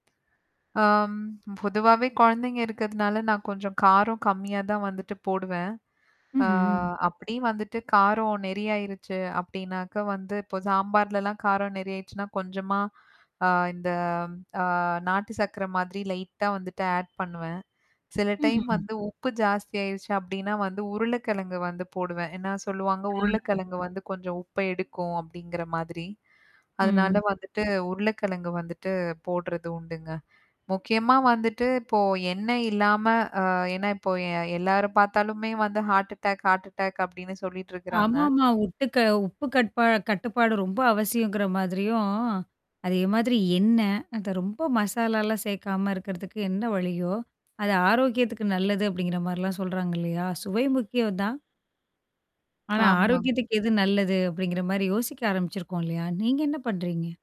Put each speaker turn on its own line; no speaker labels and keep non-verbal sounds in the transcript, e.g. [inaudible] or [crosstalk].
ஆம் பொதுவாவே குழந்தைங்க இருக்கிறதுனால நான் கொஞ்சம் காரம் கம்மியா தான் வந்துட்டு போடுவேன். ஆ
ம்ஹ்ம்.
அப்டி வந்துட்டு காரம் நெறியாயிருச்சு அப்டின்னாக்க வந்து இப்போ சாம்பார்லலாம் காரம் நெறாயடுச்சுன்னா கொஞ்சமா ஆ இந்த அ நாட்டு சர்க்கர மாதிரி லைட்டா வந்துட்டு ஆட் பண்ணுவேன். சில டைம்
ம்ஹ்ம்.
வந்து உப்பு ஜாஸ்தி ஆயிருச்சு அப்டின்னா வந்து உருளைக்கிழங்கு வந்து போடுவேன். ஏன்னா சொல்லுவாங்க,
ஆ.
உருளைக்கிழங்கு வந்து கொஞ்சம் உப்ப எடுக்கும் அப்டிங்கிற மாதிரி. அதனால
ம்.
வந்துட்டு உருளைக்கிழங்கு வந்துட்டு போடுறது உண்டுங்க. முக்கியமா வந்துட்டு இப்போ எண்ணெய் இல்லாம அ ஏன்னா இப்போ எ எல்லார பார்த்தாலுமே வந்து ஹார்ட் அட்டாக் ஹார்ட் அட்டாக் அப்டின்னு சொல்லிட்டுருக்குறாங்க.
ஆமாமா. உப்பு க உப்பு கட்பா கட்டுப்பாடு ரொம்ப அவசியங்கிற மாதிரியும். அதே மாதிரி எண்ணெ? அந்த ரொம்ப மசாலாலாம் சேர்க்காம இருக்கிறதுக்கு என்ன வழியோ? அது ஆரோக்கியத்துக்கு நல்லது அப்டிங்கிற மாரிலாம் சொல்றாங்க இல்லையா? சுவை முக்கியம் தான்.
[smacks lips]
ஆனா
ஆமாங்
ஆரோக்கியத்துக்கு எது நல்லது? அப்டிங்கிற மாரி யோசிக்க ஆரம்பிச்சிருக்கோம் இல்லையா? நீங்க என்ன பண்றீங்க?